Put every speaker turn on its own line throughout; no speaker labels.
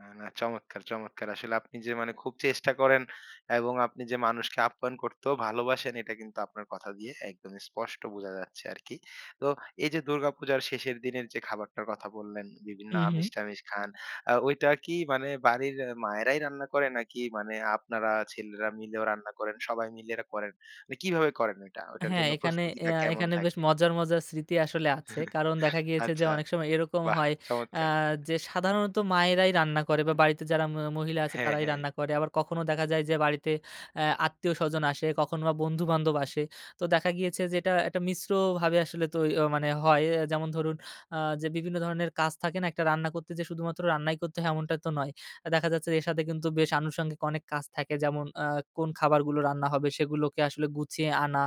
না, না। চমৎকার, চমৎকার। আসলে আপনি যে মানে খুব চেষ্টা করেন এবং আপনি যে মানুষকে আপ্যায়ন করতেও ভালোবাসেন, এটা কিন্তু আপনার কথা দিয়ে একদমই স্পষ্ট বোঝা যাচ্ছে আরকি। তো এইযে দুর্গা পূজার শেষের দিনের যে খাবারটার কথা বললেন, বিভিন্ন
হুম, হুম।
আমিষ-টামিষ খান। আ ওইটা কি মানে বাড়ির এ মায়েরাই রান্না করে, নাকি মানে আপনারা ছেলেরা মিলেও রান্না করেন, সবাই মিলে রা করেন? মানে কিভাবে করেন এটা? ওইটার
হ্যাঁ,
জন্য
এখানে
প্রস্তুতিটা
এয়া
কেমন
এখানে বেশ
থাকে?
মজার, মজার স্মৃতি আসলে আছে। কারণ দেখা গিয়েছে যে,
আচ্ছা,
অনেক সময় এরকম
বাহ!
হয়
চমৎকার।
আহ যে সাধারণত মায়েরাই রান্না করে বা, বাড়িতে যারা ম মহিলা আছে,
হ্যাঁ,
তারাই
হ্যাঁ।
রান্না করে। আবার কখনো দেখা যায় যে, বাড়িতে আ আত্মীয়স্বজন আসে, কখনো বা বন্ধু-বান্ধব আসে। তো দেখা গিয়েছে যে, এটা একটা মিশ্রভাবে তই আ আসলে মানে হয়। যেমন ধরুন আ যে, বিভিন্ন ধরনের কাজ থাকে না? একটা রান্না করতে যে শুধুমাত্র রান্নাই করতে হয়, এমনটা তো নয়। আ দেখা যাচ্ছে এর সাথে কিন্তু বেশ আনুষঙ্গিক অনেক কাজ থাকে। যেমন, আ কোন খাবারগুলো রান্না হবে, সেগুলোকে আসলে গুছিয়ে আনা।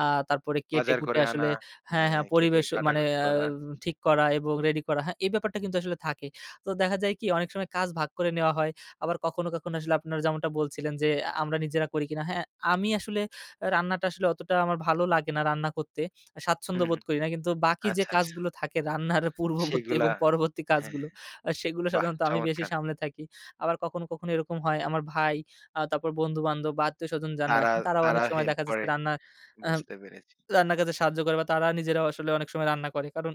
আহ তারপরে
বাজার
কেটে-কুটে
করে আনা।
আসলে হ্যাঁ,
হ্যাঁ,
হ্যাঁ,
কেটে
পরিবেশ অ মানে
কাটাকাটি
আ
করা।
ঠিক করা এবং রেডি করা। হ্যাঁ, এই ব্যাপারটা কিন্তু আসলে থাকে। তো দেখা যায় কি? অনেক সময় কাজ ভাগ করে নেওয়া হয়। আবার কখনো, কখনো আসলে আপনার যেমনটা বলছিলেন যে, আ আমরা নিজেরা করি কিনা। হ্যাঁ, আমি আসলে রান্নাটা আসলে অতটা আমার ভালো লাগে না, রান্না করতে। আ স্বাচ্ছন্দ্য
হুম,
বোধ
হুম।
করি না। কিন্তু বাকি যে
আচ্ছা, আচ্ছা।
কাজগুলো থাকে রান্নার আ পূর্ববর্তী এবং
সেগুলা
পরবর্তী
হ্যাঁ,
কাজগুলো, আ সেগুলো
বাহ!
সাধারণত আমি বেশি
চমৎকার।
সামলে থাকি। আবার কখনো, কখনো এরকম হয় আমার ভাই, আ তারপর বন্ধু-বান্ধব বা আত্মীয়স্বজন যান
তারা
আসেন, তারাও অনেক
তারা
সময়
হেল্প
দেখা যায়
করে।
রান্না আহাম
বুঝতে পেরেছি।
রান্নার কাজে সাহায্য করে বা তারা নিজেরাও আসলে অনেক সময় রান্না করে। কারণ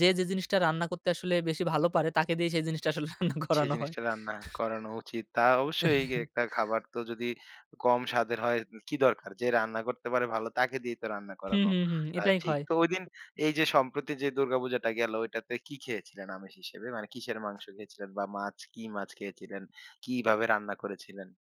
যে যে জিনিসটা রান্না করতে আসলে বেশি ভালো পারে, তাকে দিয়েই সেই জিনিসটা আসলে রান্না
সে
করানো হয়।
জিনিসটা রান্না করানো উচিত। তা অবশ্যই এ একটা খাবার তো যদি কম স্বাদের হয় উ কি দরকার? যে রান্না করতে পারে ভালো, তাকে দিয়েই তো রান্না
হুম,
করানো
হুম, হুম।
অ্যা
এটাই
ঠিক।
হয়।
তো ঐদিন এইযে সম্প্রতি যে দুর্গাপূজাটা গেল ঐটাতে কি খেয়েছিলেন আমিষ হিসেবে? মানে কিসের মাংস খেয়েছিলেন বা মাছ কি মাছ খেয়েছিলেন, কিভাবে রান্না করেছিলেন?